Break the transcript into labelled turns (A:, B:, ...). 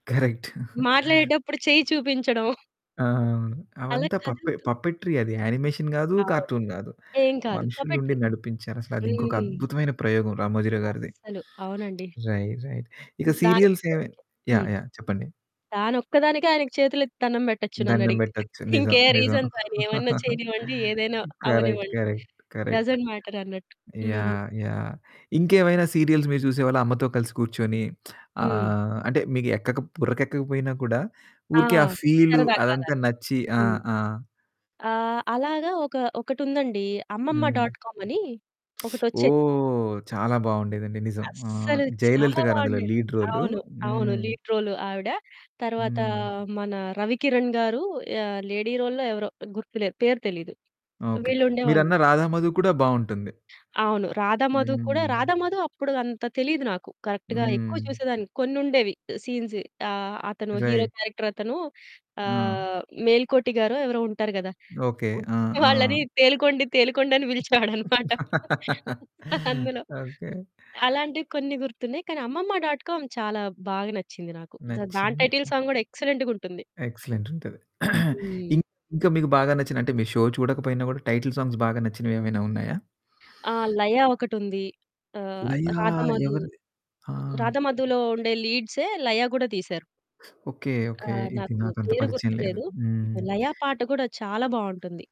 A: Correct.
B: మాట్లాడేటప్పుడు చేయి చూపించడం
A: ఆ!
B: అలా
A: అవంతా పప్పె
B: కదులుతూ
A: పప్పెట్రీ అది యానిమేషన్ కాదు
B: అవును.
A: కార్టూన్ కాదు
B: ఏం కాదు
A: మనుషులుండి
B: పోపే‌ట్రి
A: నడిపించారసల, అది ఇంకొక
B: హ్మ్.
A: అద్భుతమైన ప్రయోగం 'రామోజీరావు' గారిది.
B: అస్సలు అవునండి.
A: Right, right. ఇగా
B: హ్మ్.
A: సీరియల్సేమి
B: దానికొక్కదానికే హ్మ్.
A: యాహ్! యాహ్! చెప్పండి.
B: దానొక్కదానికే ఆయనకి చేతులెత్తి దండం పెట్టొచ్చు నన్ను
A: దండం
B: అడిగితే.
A: పెట్టొచ్చు నిజం.
B: ఇంకే
A: నిజం.
B: రీజన్స్ ఆయన ఏమైనా చేయనివ్వండి, ఏదైనా
A: కరెక్ట్.
B: అవ్వనివ్వండి.
A: కరెక్ట్. కరెక్ట్.
B: డసెంట్ మ్యాటరన్నట్టు హ్మ్.
A: యాహ్! యాహ్! ఇంకేమైనా సీరియల్స్ మీరు చూసేవాళ్ళా అమ్మతో కలిసి కూర్చొని?
B: హ్మ్.
A: ఆహ్, అంటే మీకు ఎక్కక బుర్రకేక్కక పోయినా కూడా
B: ఆ!
A: ఊరికే ఆ! ఫీలు
B: సరదా
A: అదంతా
B: కాదది
A: నచ్చి ఆ!
B: హ్మ్.
A: ఆ!
B: ఆహ్, అలాగా ఒక ఒకటుందండి అమ్మమ్మ
A: హ్మ్.
B: డాట్ కామ్ అని ఒకటోచ్చేది.
A: ఓహ్! చాలా బావుండేదండి. నిజం. ఆహ్,
B: అస్సలు చాలా
A: 'జయలలిత' గారు అందులో
B: బావుండేది.
A: Lead role.
B: అవును. అవును.
A: హ్మ్.
B: లీడ్ రోల్ ఆవిడ తర్వాత
A: హ్మ్.
B: మన 'రవికిరణ్' గారు యాహ్! లేడీ రోల్‌లో ఎవరో గుర్తులేదు. పేరు తెలీదు.
A: ఓకే.
B: వీళ్ళుండేవాళ్ళు.
A: మీరన్న 'రాధామధు' కూడా బావుంటుంది.
B: అవును. 'రాధామధు' కూడా
A: హ్మ్.
B: 'రాధామధు' అప్పుడు అంత తెలీదు నాకు. కరెక్ట్‌గా ఎక్కువ
A: హ్మ్.
B: చూసేదాని. కొన్ని ఉండేవి ఆ సీన్సు ఆ! అతను హీరో
A: రైట్.
B: క్యారెక్టరతను
A: ఆ!
B: ఆహ్, 'మేల్కోటి' గారో ఎవరో ఉంటారు కదా!
A: ఓకే. ఆ!
B: వాళ్ళని
A: ఆ!
B: తేలుకొండి తేలుకొండి అని పిలిచేవాడన్నమాట అందులో
A: ఓకే.
B: అలాంటివి కొన్ని గుర్తున్నాయి కానీ అమ్మమ్మ డాట్ కామ్ చాలా బాగ నచ్చింది నాకు. దాని
A: నచ్చింది.
B: టైటిల్
A: హుహు.
B: సాంగ్ కూడా ఎక్సలెంట్‌గుంటుంది.
A: ఎక్సలెంట్ ఉంటది.
B: హ్మ్.
A: ఇన్ ఇంకా మీకు బాగా నచ్చిన అంటే మీ షో చూడకపోయినా గూడా టైటిల్ సాంగ్స్ బాగా నచ్చినవేమైనా ఉన్నాయా?
B: ఆ! 'లయా' ఒకటుంది. ఆహ్,
A: 'లయా'
B: 'రాధమధు'. రా
A: ఎవరది? ఆహ్!
B: 'రాధమధు'లో ఉండే లీడ్సే 'లయ' కూడా తీశారు.
A: ఓకే.
B: ఆ!
A: ఓకే. ఇది
B: నాకు
A: నాకంత
B: పేరు
A: పరిచయం లేదు.
B: గుర్తులేదు
A: హ్మ్.
B: లయ పాట కూడా చాలా బావుంటుంది.